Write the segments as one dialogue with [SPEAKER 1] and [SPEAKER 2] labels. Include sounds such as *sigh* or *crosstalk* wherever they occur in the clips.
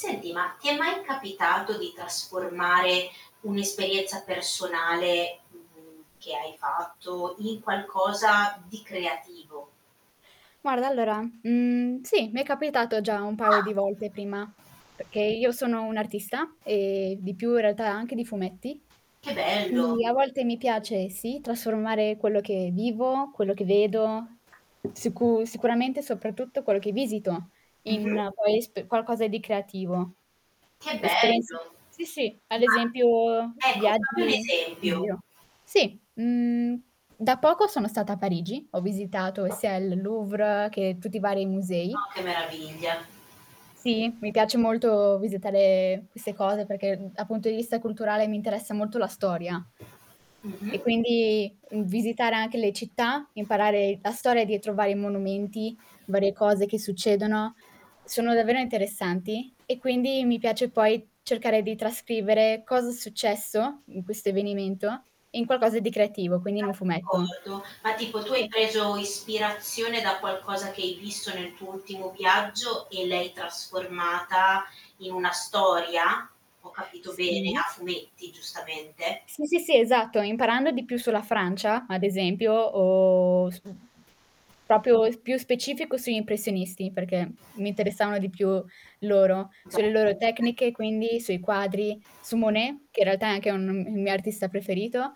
[SPEAKER 1] Senti, ma ti è mai capitato di trasformare un'esperienza personale, mhmm, che hai fatto, in qualcosa di creativo?
[SPEAKER 2] Guarda allora, mhmm, sì, mi è capitato già un paio di
[SPEAKER 1] Ah.
[SPEAKER 2] volte prima, perché io sono un'artista, e di più in realtà anche di fumetti,
[SPEAKER 1] Che bello.
[SPEAKER 2] quindi a volte mi piace sì trasformare quello che vivo, quello che vedo, sicu sicuramente soprattutto quello che visito
[SPEAKER 1] Mh-mh.
[SPEAKER 2] in poi esp qualcosa di creativo.
[SPEAKER 1] Che
[SPEAKER 2] Esperienze
[SPEAKER 1] bello.
[SPEAKER 2] sì, sì ad
[SPEAKER 1] Ma
[SPEAKER 2] esempio
[SPEAKER 1] ecco fammi un
[SPEAKER 2] viaggi, in
[SPEAKER 1] esempio.
[SPEAKER 2] giro. Sì, mhmm, da poco sono stata a Parigi, ho visitato sia il Louvre che tutti i vari musei.
[SPEAKER 1] Oh, che meraviglia.
[SPEAKER 2] Sì, mi piace molto visitare queste cose, perché, uhm, a punto di vista culturale mi interessa molto la storia. E
[SPEAKER 1] Mh-mh.
[SPEAKER 2] quindi, uhm, visitare anche le città, imparare la storia dietro vari monumenti, varie cose che succedono, sono davvero interessanti e quindi mi piace poi cercare di trascrivere, cosa è successo in questo avvenimento, in qualcosa di creativo, quindi in un fumetto.
[SPEAKER 1] D'accordo ma tipo tu hai
[SPEAKER 2] Sì.
[SPEAKER 1] preso ispirazione, da qualcosa che hai visto nel tuo ultimo viaggio e l'hai trasformata in una storia? Ho capito
[SPEAKER 2] S
[SPEAKER 1] bene?
[SPEAKER 2] sì.
[SPEAKER 1] A fumetti, giustamente.
[SPEAKER 2] Sì, sì, sì, esatto, imparando di più sulla Francia, ad esempio, uhm, su uhm, proprio e s più specifico sugli impressionisti, perché mi interessavano di più loro,
[SPEAKER 1] Beh.
[SPEAKER 2] sulle loro
[SPEAKER 1] *snorts*
[SPEAKER 2] tecniche quindi, sui quadri, su Monet, che in realtà è anche un il mio artista preferito.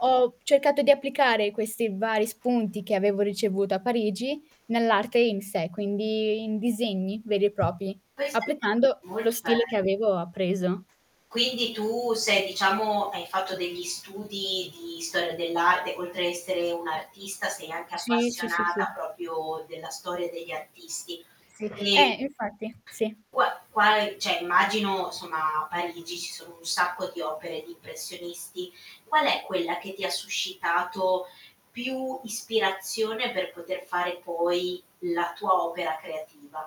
[SPEAKER 2] Ho cercato di applicare questi vari spunti, che avevo ricevuto a Parigi, nell'arte in sé, quindi in disegni veri e propri,
[SPEAKER 1] Queste
[SPEAKER 2] applicando
[SPEAKER 1] molto
[SPEAKER 2] lo stile
[SPEAKER 1] be
[SPEAKER 2] che avevo appreso.
[SPEAKER 1] Quindi tu sei diciamo, hai fatto degli studi di storia dell'arte, oltre a essere un'artista, sei anche
[SPEAKER 2] Sì, sì, sì,
[SPEAKER 1] appassionata
[SPEAKER 2] sì.
[SPEAKER 1] proprio della storia degli artisti.
[SPEAKER 2] Sì.
[SPEAKER 1] Ehm,
[SPEAKER 2] Eh, infatti, sì.
[SPEAKER 1] qua quale cioè immagino, somma, a Parigi ci sono un sacco di opere di impressionisti. Qual è quella che ti suscitato, più ispirazione per poter fare poi la tua opera creativa?